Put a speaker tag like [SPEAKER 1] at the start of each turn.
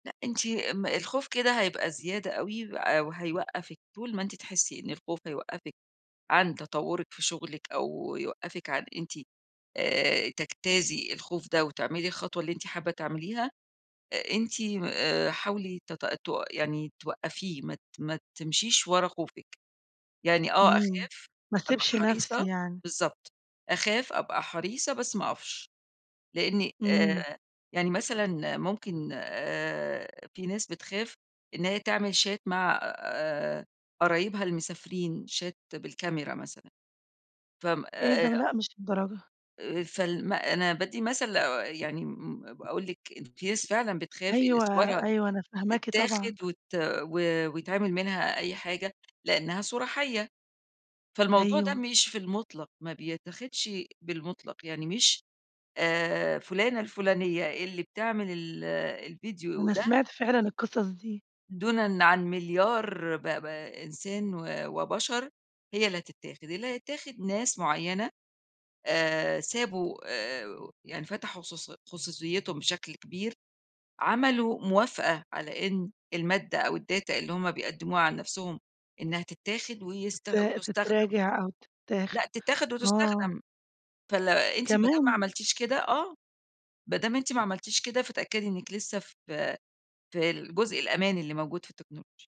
[SPEAKER 1] لأ أنتِ م الخوف كده هيبقى زيادة أوي و وهيوقفِك، طول ما أنتِ تحسي إن الخوف هيوقفِك عن تطورِك في شغلِك أو يوقفِك عن أنتِ، آآ، تجتازي الخوف ده، وتعملي الخطوة اللي أنتِ حابة تعمليها، أنتِ م آآ، حاولي ت تو يعني توقفيه، ما ت ما تمشيش ورا خوفِك، يعني آه
[SPEAKER 2] إمم،
[SPEAKER 1] أخاف،
[SPEAKER 2] ما
[SPEAKER 1] أبقى
[SPEAKER 2] اسيبش
[SPEAKER 1] حريصة،
[SPEAKER 2] نفسي يعني.
[SPEAKER 1] بالضبط، أخاف، أبقى حريصة، بس ما أقفش؛ لأني
[SPEAKER 2] إمم.
[SPEAKER 1] آآ، يعني مثلًا ممكن، آآ، في ناس بتخاف، إن هي تعمل Chat مع، آآ، قرايبها المسافرين Chat بالكاميرا مثلًا ف آمم،
[SPEAKER 2] إيه ده؟!
[SPEAKER 1] آآ
[SPEAKER 2] لأ مش للدرجة
[SPEAKER 1] آآ فال ما أنا بادّي مثل لو، آآ، يعني، امم، امم، باقول لِك إن في ناس فعلًا بتخاف إن
[SPEAKER 2] أيوه،
[SPEAKER 1] صورها
[SPEAKER 2] أيوه، أنا فاهماكِ طبعًا
[SPEAKER 1] تتاخد وت و ويتعمل منها أي حاجة؛ لأنها صورة حَيّة. فالموضوع ده
[SPEAKER 2] أيوه.
[SPEAKER 1] مش في المطلق، ما بيتاخدش بالمطلق، يعني مش، آآ، فلانة الفلانية اللي بتعمل ال الفيديو
[SPEAKER 2] أنا
[SPEAKER 1] ده
[SPEAKER 2] سمعت فعلًا القصص دي.
[SPEAKER 1] دونًا عن مليار ب ب إنسان و وبشر، هي اللي هتتاخد، اللي هيتاخد ناس معيّنة، آآ، سابوا، آآ، يعني فتحوا خصوصي خصوصيتهم بشكل كبير، عملوا موافقة على إن المادة أو الData اللي هُم بيقدموها عن نفْسُهم، إنها تتاخد ويست
[SPEAKER 2] ت
[SPEAKER 1] وتُستخدم
[SPEAKER 2] تتراجع أو
[SPEAKER 1] لأ
[SPEAKER 2] تتاخد،
[SPEAKER 1] تتاخد
[SPEAKER 2] آه.
[SPEAKER 1] وتُستخدم فال أنتِ ما دام ما
[SPEAKER 2] كمان!
[SPEAKER 1] عملتيش كده آه، ما دام أنتِ ما عملتيش كده، فتأكدي إنِّك لسه ف في الجزء الأمان اللي موجود في التكنولوجيا.